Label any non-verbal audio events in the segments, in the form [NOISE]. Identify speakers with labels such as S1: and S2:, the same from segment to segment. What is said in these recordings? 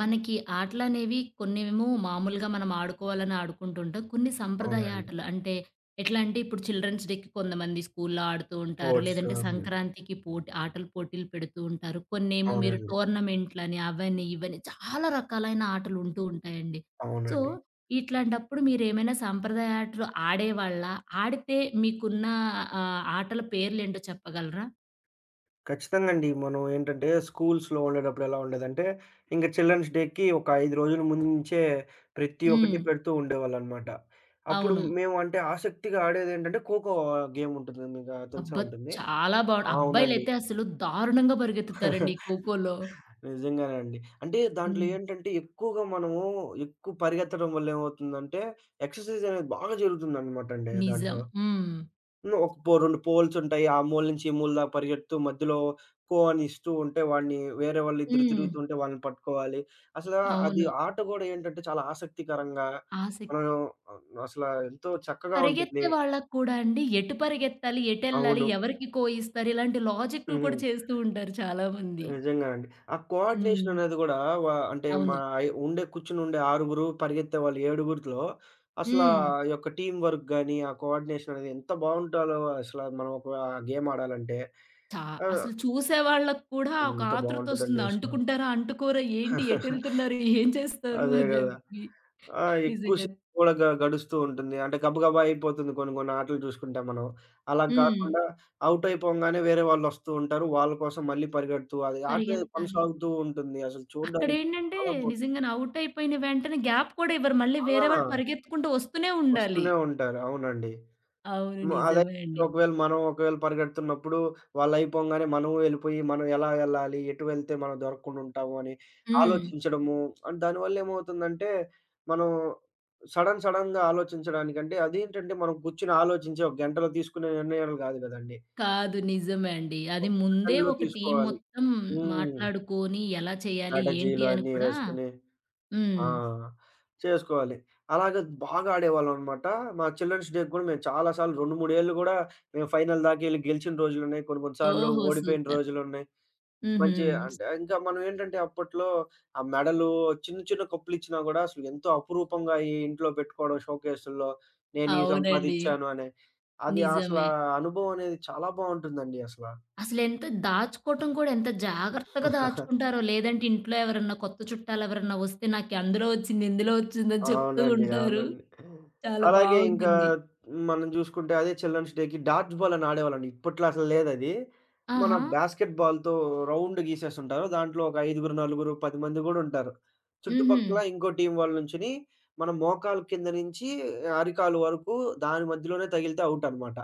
S1: మనకీ ఆటలనేవి, కొన్నేమో మామూలుగా మనం ఆడుకోవాలని ఆడుకుంటుంటాం, కొన్ని సంప్రదాయ
S2: అవునండి.
S1: ఆటలు అంటే, ఎట్లా అంటే, ఇప్పుడు చిల్డ్రెన్స్ డేకి కొంతమంది స్కూల్లో ఆడుతూ ఉంటారు.
S2: స్పోర్ట్స్
S1: లేదంటే
S2: అవి.
S1: సంక్రాంతికి పోటి ఆటల పోటీలు పెడుతూ ఉంటారు. కొన్నేమో మీరు
S2: అవునండి.
S1: టోర్నమెంట్లని అవనీ, ఇవనీ చాలా రకాలైన ఆటలు ఉంటూ ఉంటాయండి. సో,
S2: అవునండి.
S1: ఇట్లాంటప్పుడు మీరేమైనా సాంప్రదాయ ఆటలు ఆడేవాళ్ళా? ఆడితే మీకున్న ఆహ్, ఆటల పేర్లేంటో చెప్పగలరా?
S2: ఖచ్చితంగా అండి. మనం ఏంటంటే స్కూల్స్‌లో ఉండేటప్పుడు ఎలా ఉండేదంటే, ఇంక చిల్డ్రన్స్ డేకి ఒక 5 రోజుల ముందు నుంచే ప్రతి ఒక్కటి
S1: హ్మ్.
S2: పెడుతూ ఉండేవాళ్ళనమాట. అప్పుడు
S1: అవును.
S2: మేము అంటే, ఆసక్తిగా ఆడేదెంటంటే ఖోఖో ఆహ్, గేముంటుందండిగా తెలిసే
S1: అబ్బా!
S2: ఉంటుంది.
S1: చాలా బావుం
S2: ఆ! అవునండి.
S1: అబ్బాయిలైతే అసలు దారుణంగా పరిగెత్తుతారండి
S2: [CHUCKLES]
S1: ఈ కోకోలో.
S2: నిజంగానే అండి. అంటే దాంట్లో
S1: హ్మ్.
S2: ఏంటంటే, ఎక్కువగా మనమూ ఎక్కువ పరిగెత్తడం వల్లేమవుతుందంటే, ఎక్సర్‌సైజ్ అనేది బాగా జరుగుతుందనమాట అండి
S1: నిజం.
S2: దాంట్లో.
S1: హ్మ్.
S2: హ్మ్. ఒక పో 2 పోల్సుంటాయి, ఆ మూల నుంచి, ఈ మూల దాకా పరిగెడుతూ, మధ్యలో కో అనిస్తూ ఉంటే, వాడిని వేరే వాళ్ళిద్దరు
S1: హ్మ్.
S2: తిరుగుతూ ఉంటే, వాళ్ళని పట్టుకోవాలి. అసలా అది
S1: అవును.
S2: ఆట గూడా ఏంటంటే, చాలా ఆసక్తికరంగా,
S1: ఆసక్
S2: మనం ఆహ్, అసల ఎంతో చక్కగా ఉంటుంది.
S1: పరిగెత్తే వాళ్ళకి కూడా అండి, ఎటు పరిగెత్తాలి, ఎటెళ్ళాలి,
S2: అవును.
S1: ఎవరికి కో ఇస్తారు, ఇలాంటి
S2: హ్మ్.
S1: లాజిక్కులు కూడా
S2: హ్మ్.
S1: చేస్తూ ఉంటారు చాలామంది.
S2: నిజంగానండి. ఆ కోఆర్డినేషన్
S1: హ్మ్.
S2: అనేది గూడా వా అంటే,
S1: అవును.
S2: మాయి ఉండే కూర్చొనుండే ఆరుగురు, పరిగెత్తే వాళ్ళు ఏడుగురుతులో, అసలా ఆ
S1: హ్మ్.
S2: యొక్క టీమ్ వర్క్ గాని, ఆ కోఆర్డినేషన్ అనేది, ఎంత బావుంటాదో అసల! మనం ఒకా గేమాడాలంటే.
S1: చా
S2: ఆహ్
S1: అసలు చూసేవాళ్ళకి కూడా ఒక
S2: అంత బావుంటదండి
S1: ఆతృతొస్తుంది.
S2: అసల.
S1: అంటుకుంటారా, అంటుకోరా, ఏంటి
S2: [CHUCKLES]
S1: ఎటళ్తున్నారు, ఏం చేస్తారు,
S2: అదే
S1: అని
S2: గదా!
S1: జెప్పి.
S2: ఆ! ఎక్కువ
S1: నిజంగానే
S2: షేపు గూడ గ గడుస్తూ ఉంటుంది. అంటే, గబగబ అయిపోతుంది, కొన్ని కొన్ని ఆటలు చూసుకుంటే మనం. అలా
S1: హ్మ్.
S2: గాకుండా ఔటయిపోంగానే, వేరే వాళ్ళు వస్తూ ఉంటారు, వాళ్ళ కోసం మళ్ళీ పరిగెడుతూ, అది ఆట
S1: పరిగెత్తాలి.
S2: కొనసాగుతూ ఉంటుంది. అసలు చూడడానికి
S1: అక్కడేంటంటే,
S2: చాలా బావుం
S1: నిజంగానే ఔటయిపోయిన వెంటనే, గ్యాప్ కూడా ఇవ్వరు. మళ్ళీ వేరే వాళ్ళు
S2: ఆ!
S1: పరిగెత్తుకుంటూ వస్తూనే ఉండాలి.
S2: వస్తూనే ఉంటారు. అవునండి.
S1: అవును.
S2: హ్మ్. అదయితే
S1: నిజమే అండి.
S2: ఒకవేళ మనం, ఒకవేళ పరిగెడుతున్నప్పుడు, వాళ్ళయిపోంగానే మనము వెళ్ళిపోయి, మనం ఎలా ఎళ్ళాలి, ఎటు వెళ్తే మనం దొరక్కుండా ఉంటాము, అని
S1: హ్మ్.
S2: ఆలోచించడము, అండ్ దానివల్లేమవుతుందంటే, మనం సడెన్ సడెన్‍గా ఆలోచించడానికి అంటే, అదేంటంటే మనం గూర్చొని ఆలోచించి, ఒక గంటలో తీసుకునే నిర్ణయాలు కాదు గదండీ.
S1: కాదు, నిజమే అండి. అది,
S2: ఒక
S1: ముందే
S2: సెకండ్‍లో
S1: ఒక టీమ్
S2: తీసుకోవాలి.
S1: మొత్తం
S2: హ్మ్.
S1: మాట్లాడుకోని ఎలా చేయాలి, ఏంటి,
S2: స్ట్రాటజీలు
S1: అని
S2: అయన్నీ
S1: కూడా
S2: వేసుకొని.
S1: హ్మ్.
S2: ఆ! చేసుకోవాలి. అలాగ బాగా ఆడేవాళ్ళం అనమాట. మా చిల్డ్రన్స్ డేకి గూడా, మేము చాలా సార్లు 2, 3ఏళ్ళు గూడా, మేము ఫైనల్ దాకా ఎళ్లి గెలిచిన రోజులున్నాయి. కొన్ని కొన్ని సార్లు
S1: ఓహో!
S2: ఓడిపోయిన
S1: సూపర్.
S2: రోజులున్నాయి.
S1: హుహు.
S2: మంచి అంటే ఇంకా మనం ఏంటంటే, అప్పట్లో ఆ మెడలూ, చిన్న చిన్న కప్పులచ్చినా గూడా, అసలు ఎంతో అపురూపంగా ఈ ఇంట్లో పెట్టుకోవడం షోకేసుల్లో, నేను ఈ
S1: అవునండి.
S2: సంపాదిచాను అనే. అది
S1: నిజమే.
S2: అసలా అనుభవం అనేది, చాలా బావుంటుందండి అసల.
S1: అసలెంత దాచుకోవటం కూడా ఎంత జాగ్రత్తగా
S2: [CHUCKLES]
S1: దాచుకుంటారో! లేదంటే ఇంట్లో ఎవరన్నా కొత్త చుట్టాలెవరన్నా వస్తే, నాకందులో ఒచ్చింది, ఇందులో ఒచ్చిందని చెప్తూ
S2: అవునండి.
S1: ఉంటారు.
S2: అవునండి.
S1: చాలా
S2: అలాగే, ఇంకా
S1: బావుంటుంది.
S2: మనం చూసుకుంటే, అదే చిల్డన్స్ డేకి, డాడ్జ్ బాల్ అని ఆడేవాళ్ళండి. ఇప్పట్లో అసలు లేదది. మన
S1: ఆహా!
S2: బాస్కెట్ బాల్‌తో రౌండ్ గీసేసుంటారు, దాంట్లో ఒక ఐదుగురు, నలుగురు, 10 మంది గూడుంటారు. చుట్టుపక్కల
S1: హుహు.
S2: ఇంకో టీం వాళ్ళ నుంచునీ, మనం మోకాల కింద నుంచి అరికాలు వరకు దాని మధ్యలోనే తగిలితే, ఔటనమాట.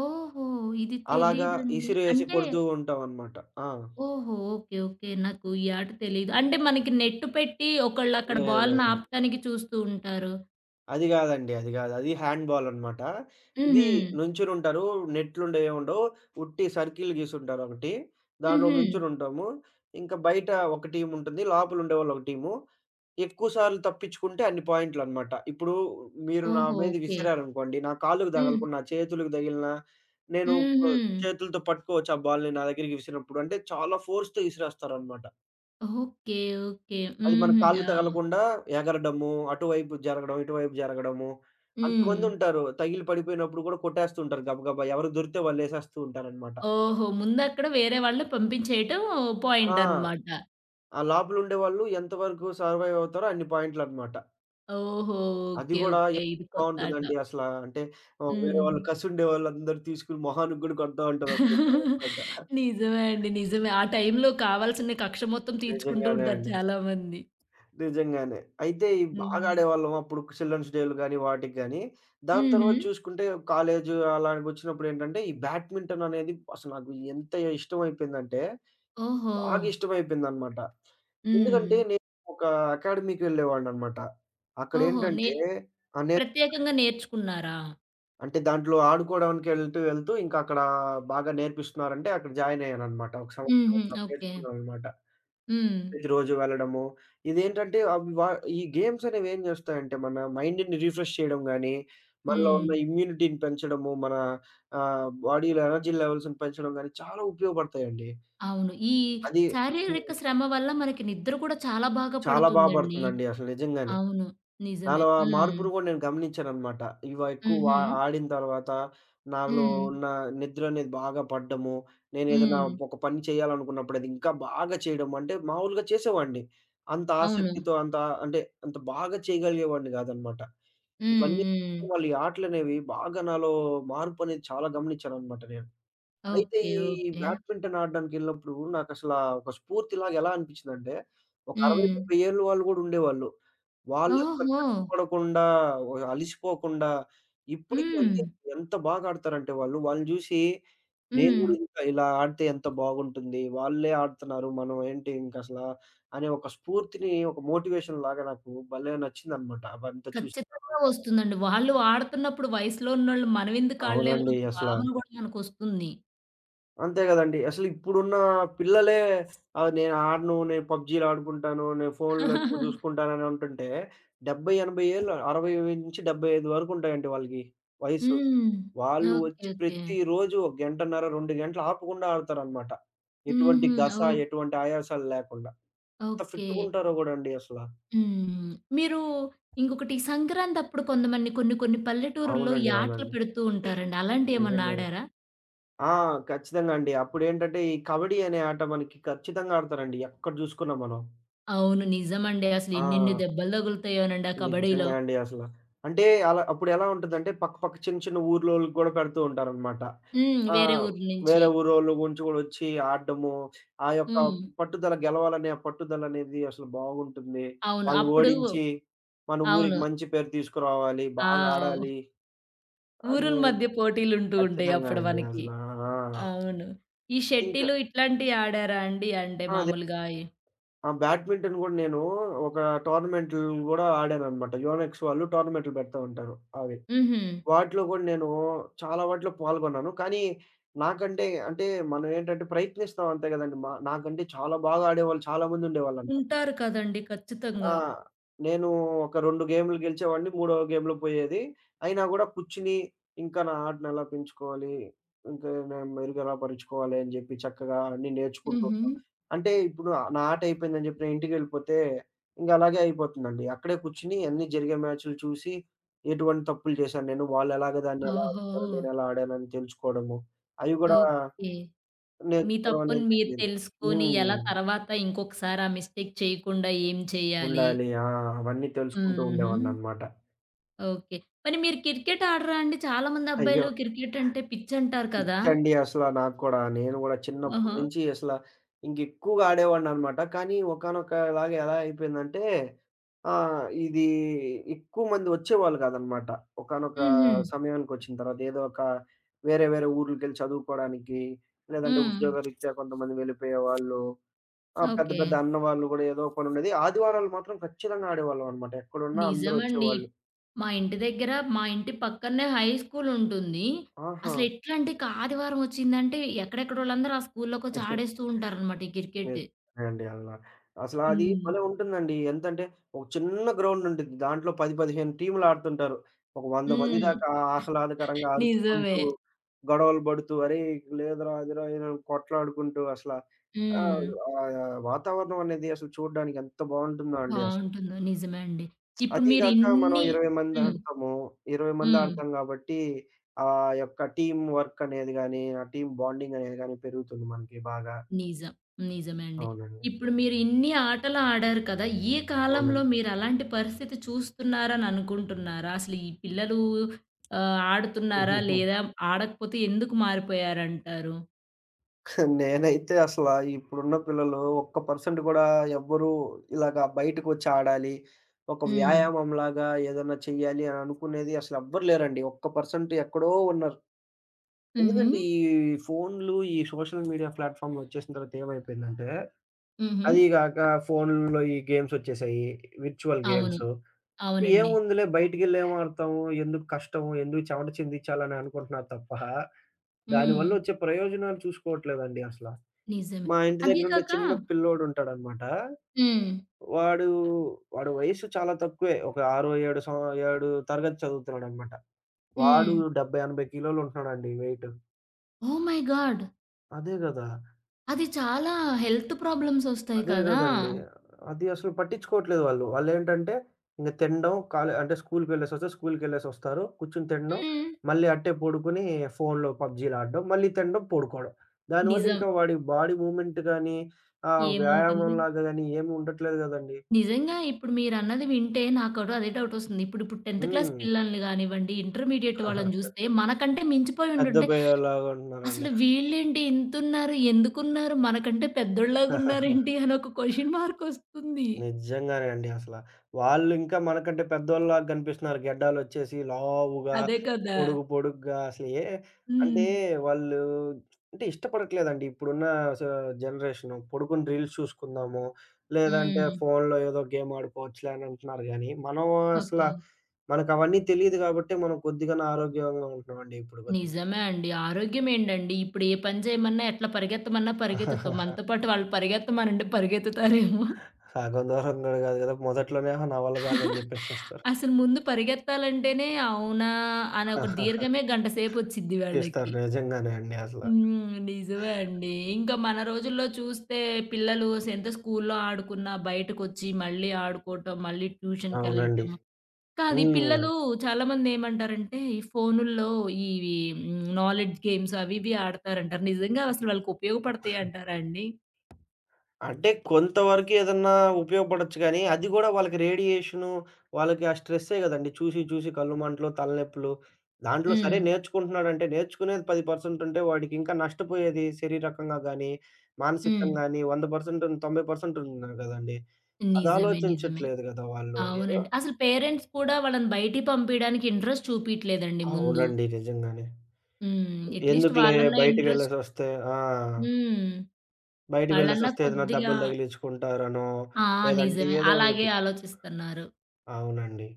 S1: ఓహో! ఇది
S2: అలాగా
S1: తెలీదండి.
S2: ఇసిరేసి
S1: అంటే
S2: కొడుతూ ఉంటామనమాట. ఆ!
S1: ఓహో! ఓకే. ఓకే. నాకు ఈ ఆట తెలీదు. అంటే, మనకి నెట్టు పెట్టి, ఒకళ్ళు అక్కడ
S2: లేదు.
S1: బాలుని
S2: లేదండి.
S1: ఆపటానికి చూస్తూ ఉంటారు!
S2: అది గాదండి. అది గాదు. అది హ్యాండ్ బాల్ అనమాట. ఇదీ
S1: హుహు.
S2: నుంచునుంటారూ, నెట్లుండవు, ఏముండవు, ఉట్టి సర్కిల్ గీసుంటారు ఒకటి, దాంట్లో
S1: హుహు.
S2: నుంచొనుంటాము, ఇంకా బయట ఒక టీముంటుంది, లోపల ఉండేవాళ్ళు ఒక టీము. ఎక్కువసార్లు తప్పించుకుంటే, అన్ని పాయింట్లనమాట. ఇప్పుడూ, మీరు నా
S1: ఓహో!
S2: మీద
S1: ఓకే.
S2: విసిరారనుకోండి, నా కాళ్ళుకు
S1: హ్మ్.
S2: దగలకున్న, నా చేతులకు దగిలినా, నేను ప
S1: హుహు.
S2: చేతులతో పట్టుకోవచ్చు, ఆ బాలుని నా దగ్గరికి విసిరినప్పుడు. అంటే, చాలా ఫోర్స్‌తో ఇసిరేస్తారనమాట.
S1: ఓకే. ఓకే.
S2: అది మన
S1: హుహు.
S2: కాళ్ళు
S1: ఆ!
S2: తగలకుండా ఎగరడము, అటువైపు జరగడం, ఇటువైపు జరగడము,
S1: హ్మ్.
S2: అంతమందుంటారు, తగిలి పడిపోయినప్పుడు గూడా కొట్టేస్తూంటారు, గబ గబా ఎవరికి దొరికితే వాళ్ళు ఏసేస్తూ ఉంటారనమాట.
S1: ఓహో! ముందక్కడ వేరే వాళ్ళని పంపించేయటం
S2: ఆ!
S1: పాయింటనమాట.
S2: ఆ లోపలుండేవాళ్ళు ఎంతవరకు సర్వైవ్ అవుతారో అన్ని పాయింట్లనమాట.
S1: ఓహో!
S2: అది
S1: ఓకే.
S2: గూడా
S1: ఓకే.
S2: ఎ
S1: ఇది కొత్తాట.
S2: బావుంటుదండి అసలా. అంటే, ఓహ్, వేరే వాళ్ళు,
S1: హ్మ్.
S2: కసుండేవాళ్ళందరూ తీసుకొని మొహానికి గూడా గొడతా ఉంటారు ఒక్కోసారి
S1: [LAUGHS]
S2: ఏసుకుంటా.
S1: నిజమే
S2: [GIGGLES]
S1: అండి, నిజమే. ఆ టైంలో కావాల్సిన కక్ష మొత్తం తీర్చుకుంటూ
S2: నిజంగానే
S1: ఉంటారు
S2: అండి.
S1: చాలామంది.
S2: నిజంగానే. అయితే ఇయ్యి బాగా
S1: హ్మ్.
S2: ఆడేవాళ్ళం అప్పుడు, చిల్డ్రన్స్ డేలు గాని, వాటికి గానీ. దాని తరవాత
S1: హుహు.
S2: చూసుకుంటే, కాలేజు అలానికొచ్చినప్పుడేంటంటే, ఈ బ్యాడ్మింటననేది అసలు నాకు ఎంతే ఇష్టమైపోయిందంటే, బాగా
S1: ఓహో!
S2: ఇష్టమైపోయిందనమాట. ఎందుకంటే,
S1: హ్మ్.
S2: నేనొకా అకాడమీకి వెళ్ళేవాడిననమాట.
S1: ఓహో! నే
S2: అక్కడేంటంటే ఆహ్, నేన్
S1: ప్రత్యేకంగా నేర్చుకున్నారా?
S2: అంటే దాంట్లో ఆడుకోవడానికి ఎళ్తూ ఎళ్తూ, ఇంకక్కడా బాగా నేర్పిస్తున్నారంటే, అక్కడ జాయినయ్యాననమాట. ఒక
S1: హుహు.
S2: సంవత్సరమున్నర
S1: ఓకే.
S2: నేర్చుకున్నామనమాట.
S1: హ్మ్.
S2: ప్రతిరోజు వెళ్ళడము, ఇదేంటంటే అవి వా ఈ గేమ్సనేవేం జేస్తాయంటే, మన మైండుని రిఫ్రెష్ చేయడం గాని, మనలో ఉన్న
S1: హ్మ్.
S2: ఇమ్యూనిటీని పెంచడము, మన ఆహ్, బాడీలో ఎనర్జీ లెవెల్స్‌ని పెంచడం గాని చాలా ఉపయోగపడతాయండి.
S1: అవును. ఈ
S2: అదీ హ్మ్.
S1: శారీరక శ్రమ వల్ల, మనకి నిద్ర కూడా చాలా బాగా
S2: చాలా బా
S1: పడుతుందండి.
S2: బడుతుందండి, అసలు నిజంగానే.
S1: అవును. నిజమే.
S2: నాలో ఆ
S1: హ్మ్.
S2: మార్పును గూడా నేను గమనించాననమాట. ఇవా ఎక్కువ వా
S1: హుహు.
S2: ఆడిన తరవాత, నాలో
S1: హ్మ్.
S2: ఉన్న నిద్రనేది బాగా పడ్డము, నేనేదన్నా
S1: హ్మ్.
S2: ఒక పని చేయాలనుకున్నప్పుడు, అదింకా బాగా చేయడము, అంటే మామూలుగా చేసేవాడిని, అంత
S1: అవును.
S2: ఆసక్తితో, అంత అంటే, అంత బాగా చేయగలిగేవాడిని గాదనమాట.
S1: హ్మ్.
S2: ఇవన్నీ కూడా
S1: హ్మ్.
S2: మళ్ళీ ఆటలనేవి బాగా నాలో మార్పనేది చాలా గమనిచ్చాననమాట నేను. అయితే
S1: ఓకే.
S2: ఈ
S1: ఓకే.
S2: బ్యాడ్మింటను ఆడడానికెళ్ళినప్పుడూ, నాకసలా ఒక స్ఫూర్తిలాగా ఎలా అనిపిచ్చిందంటే, ఒక అరవై
S1: హ్మ్.
S2: డెబ్బై ఏళ్ళ వాళ్ళు కూడా ఉండేవాళ్ళు. వాళ్ళు అసలు
S1: ఓహో!
S2: కష్టపడకుండా, ఓ ఆహ్, అలసిపోకుండా, ఇప్పడికండి
S1: హ్మ్.
S2: ఎంత బాగా ఆడతారంటే వాళ్ళు, వాళ్ళని జూషీ, నేను
S1: హ్మ్.
S2: కూడా ఇంకా ఇలా ఆడితే ఎంత బాగుంటుంది, వాళ్ళే ఆడుతున్నారు, మనం ఏంటి ఇంకసలా అనే ఒక స్ఫూర్తిని, ఒక మోటివేషన్ లాగా నాకు భలే నచ్చిందనమాట. అవంతా చూసిన తరవాత.
S1: ఖచ్చితంగా వస్తుందండి. వాళ్ళు ఆడుతున్నప్పుడు, వయసులో ఉన్నోళ్ళు మనమెందుకు ఆడలేమని,
S2: అవునండి.
S1: ఒక
S2: అసలా.
S1: భావన గూడా మనకొస్తుంది.
S2: అంతే కదండీ. అసలు ఇప్పుడున్న పిల్లలే ఆహ్, నేను ఆడను నేను పబ్జీలడుకుంటాను. నేను ఫోనులు ఎక్కువ
S1: [CHUCKLES]
S2: చూసుకుంటానుని ఉంటుంటే, 70, 80 ఏళ్ల 60- 75 వరకు ఉంటాయండి వాళ్ళకి వయసు.
S1: హ్మ్.
S2: వాళ్ళు
S1: ఓకే.
S2: వచ్చి
S1: ఓకే.
S2: ప్రతి రోజు ఒక 1:30 2 గంటలు ఆపకుండా ఆడతారనమాట. ఎటువంటి
S1: హుహు.
S2: గస,
S1: ఓక్
S2: ఎటువంటి ఆయాసాలు లేకుండా. ఎంత
S1: ఓకే.
S2: ఫిట్టుగుంటారోకుడండి అసల.
S1: హ్మ్. మీరు ఇంకొకటి సంక్రాంతప్పుడు కొంతమంది కొన్ని కొన్ని పల్లెటూరుల్లో ఈ
S2: అవునండి.
S1: ఆటలు
S2: అవునండి.
S1: పెడుతూంటారండి. అలాంటివి ఏమన్నా
S2: నిజంగానే.
S1: ఆడారా?
S2: ఆ! ఖచ్చితంగా అండి. అప్పుడేంటంటే, ఈ కబడ్డీ అనే ఆట మనకి ఖచ్చితంగా ఆడతారండి ఎక్కడ చూసుకున్నా మనం.
S1: అవును. నిజమండి. అసలు ఎనేన్ని
S2: ఆ!
S1: దెబ్బలు తగులుతాయనండి ఆ కబడ్డీలో.
S2: నిజంగా అండి అసల. అంటే అలా అప్పుడు ఎలా ఉంటుదంటే, పక్కపక్క చిన్న చిన్న ఊర్లోళ్ళకి కూడా పెడుతూ ఉంటారనమాట.
S1: హ్మ్. వేరే
S2: ఆహ్,
S1: ఊర్లు నుంచి.
S2: వేరే ఊరోళ్ళు గుంచి కూడా వచ్చి ఆడడము. ఆ! యొక్క
S1: హ్మ్.
S2: పట్టుదల గెలవాలనే ఆ పట్టుదలనేది అసలు బాగుంటుంది.
S1: అవును.
S2: వాళ్ళు
S1: అప్పుడు
S2: ఓడించి, మన ఊరికి
S1: అవును.
S2: మంచి పేరు తీసుకురావాలి,
S1: ఆ!
S2: బాగా
S1: వ్
S2: ఆడాలి అని
S1: ఊరుల మధ్య పోటీలు ఉంటూ ఉంటాయి
S2: ఖచ్చితంగా
S1: అప్పుడు
S2: అండి
S1: మనకి.
S2: అసలా ఆ!
S1: అవును. ఈ
S2: ఇంకా
S1: షట్టిలు ఇట్లాంటివి ఆడారా అండి? అంటే
S2: అదే.
S1: మామూలుగా ఈ
S2: ఆ! బ్యాడ్మింటన్ కూడా నేను, ఒక టోర్నమెంట్లు కూడా ఆడాననమాట. యోనెక్స్ వాళ్ళు టోర్నమెంట్లు‌ పెడతా ఉంటారు. అవి.
S1: హుహు.
S2: వాటిలో కూడా నేను చాలా వాటిలో పాల్గొన్నాను. కానీ నాకంటే, అంటే మనం ఏంటంటే ప్రయత్నిస్తాం అంతే కదండీ మా నాకంటే చాలా బాగా ఆడేవాళ్ళు చాలాామంది ఉండేవాళ్ళనటమాట.
S1: ఉంటారు కదండీ. ఖచ్చితంగా.
S2: ఆ! నేను ఒక 2 గేములు గెలిచేవాడిని, మూడో గేములు పోయేది. అయినా గూడా, కూర్చొని ఇంకా నా ఆడను ఎలా పెంచుకోవాలి, ఇంక నేను మెరుగ ఎలా పరుచుకోవాలి, అని చెప్పి చక్కగా అన్నీ నేర్చుకుంటూంటం.
S1: హుహు.
S2: అంటే ఇప్పుడు నా ఆట అయిపోయిందని జెప్పి ఇంటికెళ్ళిపోతే ఇంకలాగే అయిపోతుందండి. అక్కడే కూర్చొని అన్నీ జరిగే మ్యాచులు చూసి. ఎటువంటి తప్పులు చేశాను నేను వాళ్ళేలాగా దాన్ని ఎలా ఆడుతున్నారు
S1: ఓహో!
S2: నేను ఎలా ఆడాను అని తెలుసుకోవడము, అయి కూడా,
S1: ఓకే. మీ
S2: నేర్చుకోవడం అనేం
S1: తప్పును మీరు
S2: చెప్పలేదు.
S1: తెలుసుకొని ఎలా
S2: హ్మ్.
S1: తర్వాత ఇంకొకసారి ఆ మిస్టేక్ చేయకుండా ఏం చేయాలి?
S2: ఉండాలి. ఆ! అవన్నీ తెలుసుకుంటూ
S1: హుహు.
S2: ఉండేవానినమాట.
S1: ఓకే. కానీ మీరు క్రికెట్ ఆడరా అండి? చాలామంది
S2: అయ్యో!
S1: అబ్బాయిలు క్రికెట్ అంటే పిచ్చంటారు కదా!
S2: పిచ్చండి అసల నాకు కూడా. నేను కూడా చిన్నప్పడు
S1: ఓహో!
S2: నుంచి అసల ఇంకెక్కువగా ఆడేవాడినినమాట. కానీ ఒకానొకలాగా ఎలా అయిపోయిందంటే, ఆ! ఇది ఎక్కువమంది వచ్చేవాళ్ళు కాదనమాట. ఒకానొక
S1: హుహు.
S2: సమయానికొచ్చిన తర్వాత, ఏదో ఒక వేరే వేరే ఊర్లకెళ్ళి చదువుకోవడానికి, లేదంటే
S1: హ్మ్.
S2: ఉద్యోగరీత్యా కొంతమంది వెళ్ళిపోయేవాాళ్ళు. ఆ! పెద్ద పెద్ద
S1: ఓకే.
S2: అన్నవాళ్ళు గూడా ఏదోక పనుండేది. ఆదివారాలు మాత్రం ఖచ్చితంగా ఆడేవాళ్ళంనమాట. ఎక్కడున్నా అందరూ
S1: నిజమండి.
S2: వచ్చేవాళ్ళు.
S1: మా ఇంటి దగ్గర మా ఇంటి పక్కనేే హై స్కూల్ ఉంటుంది.
S2: ఆహా!
S1: అసలేట్లాంటే ఇక ఆదివారం వచ్చిందంటే, ఎక్కడెక్కడోళ్ళందరూ ఆ స్కూల్లోకొచ్చి
S2: [GIGGLES]
S1: ఆడేస్తూ ఉంటారనమాట ఈ
S2: మే
S1: క్రికెట్.
S2: అండి అలా. అసలది
S1: హ్మ్.
S2: భలే! ఉంటుందండి. ఎంతంటే, ఒక చిన్న గ్రౌండ్ ఉంటుద్ది. దాంట్లో 10, 15 టీములు ఆడుతుంటారు. ఒక వంద మంది
S1: హ్మ్.
S2: దాకా ఆహ్లాదకరంగా
S1: నిజమే.
S2: అరుచుకుంటూ, గొడవలు పడుతూ "అరేయి! లేదురా అదిరా ఇదిరా" కొట్టలాడుకుంటూ అసల ఆహ్,
S1: హ్మ్.
S2: ఆహ్, వాతావరణం అనేది అసలు చూడ్డానికి ఎంత బావుంటుందో అండి అసలు.
S1: బావుంటుందో! నిజమే అండి. ఇప్పుడు
S2: అది
S1: మీరు
S2: గాక మనం
S1: ఇన్ని
S2: ఇరవై మంది
S1: హ్మ్.
S2: ఆడతాము. ఇరవై మంది
S1: హ్మ్.
S2: ఆడతాం కాబట్టి ఆ! యొక్క టీమ్ వర్క్ అనేది గానీ, ఆ! టీమ్ బాండింగ్ అనేది గాని పెరుగుతుంది మనకి బాగా.
S1: నిజం. నిజమే అండి.
S2: అవునండి.
S1: ఇప్పుడు మీరు ఇన్ని ఆటలు ఆడారు కదా! ఈ కాలంలో
S2: అవునండి.
S1: మీరు అలాంటి పరిస్థితి చూస్తున్నారని అనుకుంటున్నారా? అసలీ పిల్లలు ఆహ్, ఆడుతున్నారా?
S2: [GIGGLES]
S1: లేదా ఆడకపోతే ఎందుకు మారిపోయారంటారు?
S2: [GIGGLES] నేనైతే అసలా ఇప్పుడున్న పిల్లలు ఒక్క పర్సెంట్ గూడా ఎవ్వరూ ఇలాగ బయటకొచ్చి ఆడాలి, ఒక
S1: హ్మ్.
S2: వ్యాయామంలాగా ఏదన్నా చేయాలి, అననుకునేది అసలు ఎవ్వరు లేరండి. ఒక్క పర్సెంట్ ఎక్కడో ఉన్నారు. ఎందుకంటే
S1: హుహు.
S2: ఈ ఫోనులు, ఈ సోషల్ మీడియా ప్లాట్‌ఫామ్‌లొచ్చేసిన తర్వాతేమైపోయిందంటే అదీ
S1: హుహు.
S2: గాక ఫోనుల్లో ఈ గేమ్స్ ఒచ్చేశాయి, విర్చువల్
S1: అవును.
S2: గేమ్స్.
S1: అవునండి.
S2: ఏముందిలే బయటికెళ్ళి ఏమడతాము? ఎందుకు కష్టం? ఎందుకు చెమట చిందించాల? అననుకుంటున్నారు [GIGGLES] తప్ప దాని
S1: హ్మ్.
S2: వల్లొచ్చే ప్రయోజనాలు చూసుకోవట్లేదండి అసలా.
S1: నిజమే.
S2: మా ఇంటి
S1: అదీ
S2: దగ్గరుండే
S1: కాక
S2: చిన్న పిల్లోడుంటాడనమాట.
S1: హ్మ్.
S2: వాడు వాడు వయసు చాలా తక్కువే. ఒక ఆరో, ఏడో సమ్ ఏడు తరగతి చదువుతున్నాడనమాట. వాడు
S1: హ్మ్.
S2: 70, 80 కి. లో కిలోలుంటున్నాడండి వెయిటు.
S1: Oh my god!
S2: అదే గదా!
S1: అది చాలా హెల్త్ ప్రాబ్లమ్స్ ఒస్తాయి
S2: అదే
S1: కదా!
S2: గదండీ! అది అసలు పట్టించుకోవట్లేదు వాళ్ళు. వాళ్ళేంటంటే ఇంక తినడం కాలే అంటే స్కూల్‌కెళ్ళేసొస్తే, స్కూల్‌కెళ్ళేసొస్తారు. కూర్చొని తినడం,
S1: హ్మ్.
S2: మళ్ళీ అట్టే పడుకొని ఫోనులో పబ్‌జీలు ఆడడం, మళ్ళీ తినడం, పడుకోవడం.
S1: నిజం.
S2: దానివల్లింకా వాడి బాడీ మూవ్‌మెంట్ గానీ ఆహ్,
S1: ఏముంటుంది?
S2: వ్యాయామంలాగా గాని ఏమీ ఉండట్లేదు గదండీ.
S1: నిజంగా ఇప్పుడు మీరన్నది వింటే నాకు కూడా అదే డౌట్ ఒస్తుంది. ఇప్పుడు ఇప్పుడు 10థ్
S2: హ్మ్.
S1: పిల్లల్ని గానివ్వండి, ఇంటర్మీడియేట్ వాళ్ళని
S2: [CHUCKLES]
S1: జూస్తే, మనకంటే మించిపోయి
S2: పెద్ద
S1: ఉండుంటే,
S2: అబ్బాయల్లాగా ఉంటున్నారని
S1: అసలు వీళ్ళేంటి ఇంతున్నారు? ఎందుకున్నారు? మనకంటే
S2: [CHUCKLES]
S1: పెద్దోళ్ళలాగున్నారేంటి? అని ఒక క్వెషన్ మార్క్ ఒస్తుంది.
S2: నిజంగానే అండి అసల. వాళ్ళింకా మనకంటే పెద్దోళ్ళలాగా గనిపిస్తున్నారు గడ్డాలొచ్చేసి, లావుగా,
S1: అదే కదా!
S2: పొడుగు పొడుగ్గా అసల ఏ అంటే
S1: హ్మ్.
S2: వాళ్ళు [SMACKS LIPS] అంటే ఇష్టపడట్లేదండి, ఇప్పుడున్నా స జనరేషను. పొడుకుని రీల్స్ చూసుకుందాము, లేదంటే
S1: హ్మ్.
S2: ఫోనులో ఏదో గేమ్ ఆడుకోవచ్చులే అనంటున్నారు గానీ మనం అసలా
S1: ఓకే.
S2: మనకవన్నీ తెలీదు గాబట్టే మనం కొద్దిగన్న ఆరోగ్యంగా ఉంటున్నామండి ఇప్పుడు కొద్దిగా.
S1: నిజమే అండి. ఆరోగ్యమేండండి ఇప్పుడు ఏ పని జేయమన్నా, ఎట్లా పరిగెత్తమన్నా పరిగెత్తుతాం.
S2: [CHUCKLES]
S1: మనతోపాటు వాళ్ళు పరిగెత్తమనండి పరిగెత్తుతారేమో.
S2: సగం దూరం [CHUCKLES] గూడా గాదు గదా! మొదట్లోనే అహా! నా వళ్ళ గాదని
S1: [GIGGLES]
S2: జెప్పేసేస్తారు.
S1: అసలు ముందు పరిగెత్తాలంటేనే అవునా? అనే ఒక
S2: [CHUCKLES]
S1: దీర్ఘమే గంటసేపొచ్చిద్ది
S2: తీస్తారు.
S1: వాళ్ళకి.
S2: నిజంగానే అండి అసల.
S1: హ్మ్. నిజమే అండి. ఇంకా మన రోజుల్లో చూస్తే పిల్లలు అసలేంత స్కూల్‌లో ఆడుకున్నా, బయటకొచ్చి మళ్ళీ ఆడుకోవటం, మళ్ళీ
S2: అవునండి.
S1: ట్యూషన్‌కెళ్ళటం. కానీ
S2: హ్మ్.
S1: పిల్లలు చాలామందేమంటారంటే, ఈ ఫోనుల్లో ఇవి హ్మ్ నాలెడ్జ్ గేమ్స్ అవివి ఆడతారంటారు. నిజంగా అసలు వాళ్ళకుపయోగపడతయంటారా అండి?
S2: అంటే కొంతవరకేదన్నా ఉపయోగపడొచ్చు గానీ, అది గూడా వాళ్ళకి రేడియేషను, వాళ్ళకి ఆ స్ట్రెస్సే గదండీ చూసి, చూసి కళ్ళు మంటలు, తలనొప్పులు. దాంట్లో సరే
S1: హ్మ్.
S2: నేర్చుకుంటున్నాడంటే నేర్చుకునేది 10% ఉంటే వాడికి ఇంకా నష్టపోయేది శరీరకంగా గానీ, మానసికంగా
S1: హ్మ్.
S2: గాని, 100 పర్సెం‌టున్ 90% పర్సెంట్ ఉన్నారు గదండీ. అది
S1: నిజమే. నిజమే.
S2: ఆలోచించట్లేదు గదా వాళ్ళు! ఏదో
S1: అవునండి. అసలు పేరెంట్స్ కూడా వాళ్ళని బయటికి పంపియడానికి ఇంట్రెస్ట్ చూపియట్లేదండి ముందు.
S2: అవునండి. నిజంగానే.
S1: హ్మ్. అట్‌లీస్ట్
S2: ఎందుకులే
S1: వాళ్ళన్నా ఇంట్రెస్ట్
S2: బయటికెళ్ళేసొస్తే ఆ!
S1: హ్మ్.
S2: బయటకి
S1: ఆళ్ళన్నా
S2: వెళ్ళేసొస్తే ఏదైనా
S1: కొద్దిగా
S2: దెబ్బలు తగిలించుకుంటారనో,
S1: ఆ!
S2: లేదంటే
S1: నిజమే.
S2: ఏదో
S1: అలాగే
S2: ఒకటి.
S1: ఆలోచిస్తున్నారు.
S2: అవునండి.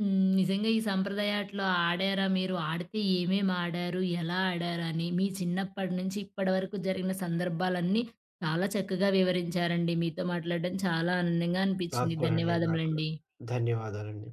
S1: హ్మ్. నిజంగా ఈ సంప్రదయాట్లో ఆడారా మీరు? ఆడితే ఏమేమి ఆడారు? ఎలా ఆడారని, మీ చిన్నప్పటి నుంచి ఇప్పటివరకు జరిగిన సందర్భాలన్నీ చాలా చక్కగా వివరించారండి. మీతో మాట్లాడడం చాలా ఆనందంగా
S2: నాకు
S1: అనిపించింది.
S2: కూడా అండి, నాకు కూడా.
S1: ధన్యవాదములండి.
S2: ధన్యవాదాలండి.